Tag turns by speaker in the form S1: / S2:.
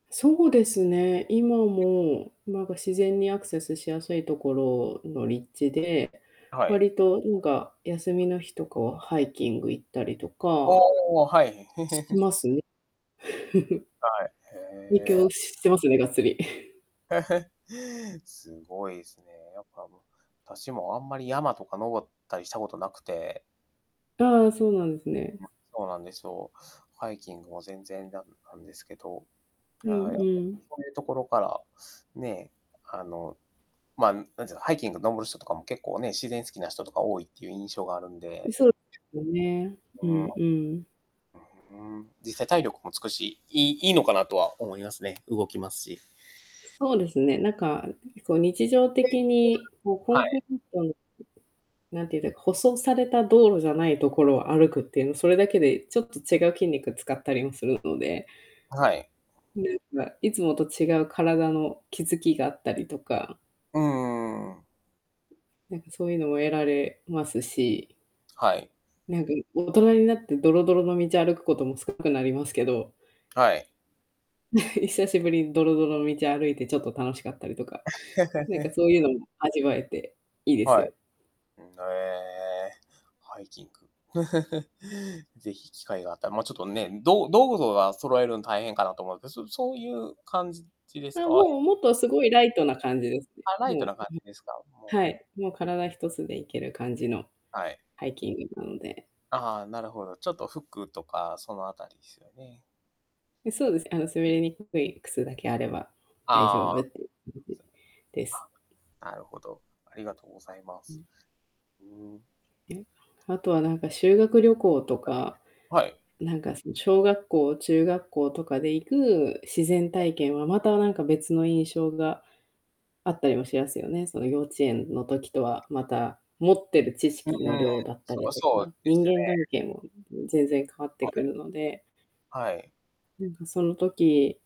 S1: そうですね、今 も、なんか、自然にアクセスしやすいところの立地で、
S2: はい。
S1: 割とんか、休 みの日とかはハイキング行ったりとか。
S2: おお、はい。
S1: し ますね。
S2: はい。
S1: みき
S2: へ
S1: ょ
S2: え。
S1: うしてますね、がっつり。
S2: すごいっすね。やっぱ、むたしもあんまり山とか登ったりしたことなくて。
S1: ああ、そうなんですね。
S2: うん。そうなんですよ。ハイキングも全然ダムあんですけど。
S1: うん
S2: はい、
S1: う ん。
S2: そういうところから、ね、あの、まあ、何て言うか、ハイキング登る人とかも結構ね、自然好きな人とか多いっていう印象があるん
S1: い
S2: で。
S1: そうよね。
S2: う
S1: う
S2: ーん。う
S1: んうん。
S2: ーん。実際体力もつくし、いいいいのかなとは思いますね。動きますし。
S1: そうです ね。なんか、あん時こう、日常的に、こう、コ
S2: は
S1: ンク
S2: い。
S1: リートの なんていうんだ。舗装された道路じゃないところを歩くっていうの、それだけでちょっと違う筋肉使ったりもするので。
S2: はい。
S1: で、まあ、いつもと違う体の気付きがあったりとか。
S2: うん、うーん。
S1: うん、なんか、そういうのも得られますし。
S2: はい。
S1: なんか、大人になって、ドロドロの道を歩くことも少なくなりますけど。
S2: はい。
S1: 久しぶりにドロドロの道を歩いて、ちょっと楽しかったりとか。なんか そういうのも味わえて、いいです
S2: はい。
S1: よ。
S2: うん、なええ。ハイキング。ぜひ機会があったら。ま、ちょっとね、ど道具とか揃えるん大変かなと思うど、そそういう感じじです
S1: あ、
S2: か？
S1: もう、もっとすごいライトな感じですね。
S2: あ、ライト
S1: も
S2: な感
S1: う、
S2: じですか、
S1: は
S2: もう
S1: い、もう体一つで行ける感じの
S2: はい。
S1: ハイキングなので。
S2: ああ、なるほど。ちょっと服とか、そのあたりすよね？
S1: え、そうです。あの、滑
S2: うん。
S1: りにくい靴だけあれば、大丈
S2: あ
S1: 夫
S2: あ。
S1: っていう
S2: そうすね。
S1: です。
S2: あ、なるほど。ありがとうございま
S1: う
S2: す。
S1: ん。
S2: うーん。
S1: え。あとは、なんか、修学旅行とか、
S2: はい。
S1: なんかその、小学校、中学校とかで行く自然
S2: はい。
S1: 体験は、またなんか、別の印象があったりもしますよね。その幼稚園の時とは、また、持ってる知
S2: うー
S1: 識の
S2: ん。
S1: 量だった
S2: そ
S1: り
S2: ら、
S1: と
S2: そ
S1: か、
S2: うで
S1: 人
S2: すね。
S1: 間関係も、うん、ん、全然変わって
S2: は
S1: く
S2: い。
S1: るので。
S2: はい。
S1: なんかその時